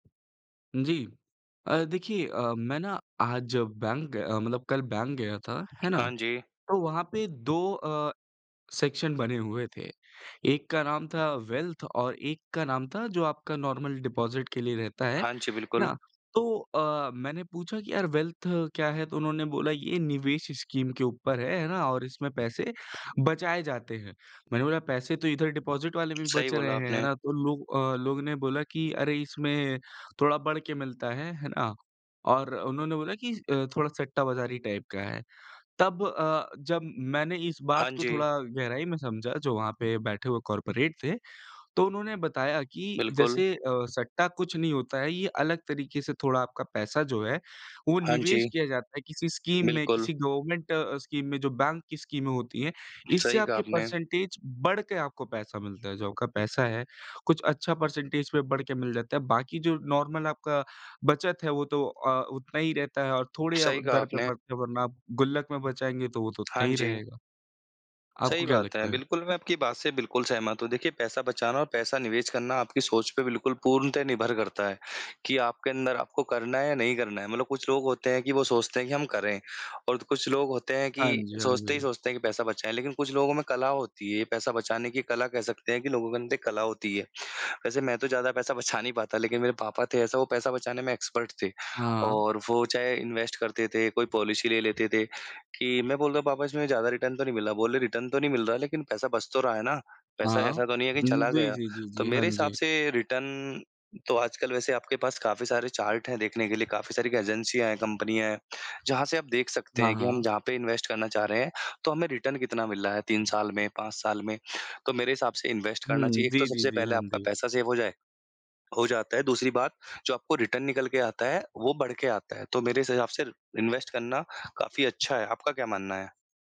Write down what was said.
जी। अ, देखिए, अ, मैं ना आज बैंक ग मतलब कल बैंक गया था, है ना? हाँ जी। तो वहाँ पे 2 अ, सेक्शन बने हुए थे। एक का नाम था वेल्थ और एक का नाम था जो आपका नॉर्मल डिपोज़िट के लिए रहता है। है हाँ जी, बिल्कुल। ना? तो अ, मैंने पूछा कि यार वेल्थ क्या है? तो उन्होंने बोला ये निवेश स्कीम के ऊपर है, है ना? और इसमें पैसे बचाए जाते हैं। मैंने बोला पैसे तो इधर डिपोज़िट वाले भी सही बच रहे बोला हैं। है आपने। ना? तो लोग अ, लोग ने बोला कि अरे इसमें थोड़ा बढ़ के मिलता है। है ना? और उन्होंने बोला कि स अ, थोड़ा सट्टा बज़ारी टाइप का है। तब अ, जब मैंने इस बात हाँ को थोड़ा जी। गहराई में समझा, जो वहाँ पे बैठे हुए कॉर्पोरेट थे, तो उन्होंने बताया कि बिल्कुल। जैसे अ, सट्टा कुछ नहीं होता है। ये अलग तरीके से थोड़ा आपका पैसा जो है, वो हाँ निवेश जी। किया जाता है किसी स्कीम में, बिल्कुल। किसी गवर्नमेंट अ, स्कीम में जो बैंक की स्कीमें होती हैं। इससे सही कहा आपके आपने। परसेंटेज बढ़ के आपको पैसा मिलता है। जो आपका पैसा है, कुछ अच्छा परसेंटेज पे बढ़ के मिल जाता है। बाकी जो नार्मल आपका बचत है वो तो अ, उतना ही रहता है और थोड़े अ, सही कहा दर पे आपने। बढ़ते हैं, वरना आप गुल्लक में बचाएँगे, तो वो तो उतना हाँ ही जी। रहेगा। आपको सही क्या बात है। लगता है? बिल्कुल, मैं आपकी बात से बिल्कुल सहमत हूँ। देखिए पैसा बचाना और पैसा निवेश करना आपकी सोच पे बिल्कुल पूर्णतः निर्भर करता है कि आपके अंदर आपको करना है या नहीं करना है, मतलब कुछ लोग होते हैं कि वो सोचते हैं कि हम करें और तो कुछ लोग होते हैं हाँ कि जी, हाँ सोचते ही जी। सोचते हैं कि पैसा बचाएँ, लेकिन कुछ लोगों में कला होती है, पैसा बचाने की कला कह सकते हैं कि लोगों के अंदर एक कला होती है। वैसे मैं तो ज़्यादा पैसा बचा नहीं पाता, लेकिन मेरे पापा थे ऐसा वो पैसा बचाने में एक्सपर्ट थे हाँ। और वो चाहे इन्वेस्ट करते थे, कोई पॉलिसी ले लेते थे कि मैं बोलता हूँ, "पापा इसमें ज़्यादा रिटर्न तो नहीं मिला।" बोले, "रिटर्न तो नहीं मिल रहा लेकिन पैसा बच तो रहा है ना? पैसा हाँ। ऐसा तो नहीं है कि चला जी, गया।" जी, जी, जी, तो हाँ मेरे हिसाब जी। से रिटर्न तो आजकल वैसे आपके पास काफ़ी सारे चार्ट हैं, देखने के लिए। काफ़ी सारी एजेन्सियाँ हैं, कम्पनियाँ हैं जहाँ से आप देख सकते हाँ, हैं कि हम हाँ। जहाँ पे इन्वेस्ट करना चाह रहे हैं, तो हमें रिटर्न कितना मिल रहा है 3 साल में, 5 साल में। तो मेरे हिसाब से इन्वेस्ट करना हुँ, चाहिए। एक तो जी, जी, सबसे जी, पहले हाँ आपका जी। पैसा सेव हो जाए हो जाता है। दूसरी बात जो आपको रिटर्न निकल के आता है वो बढ़ के आता है। तो मेरे हिसाब से इन्वेस्ट करना काफ़ी अच्छा है, आपका क्या मानना है?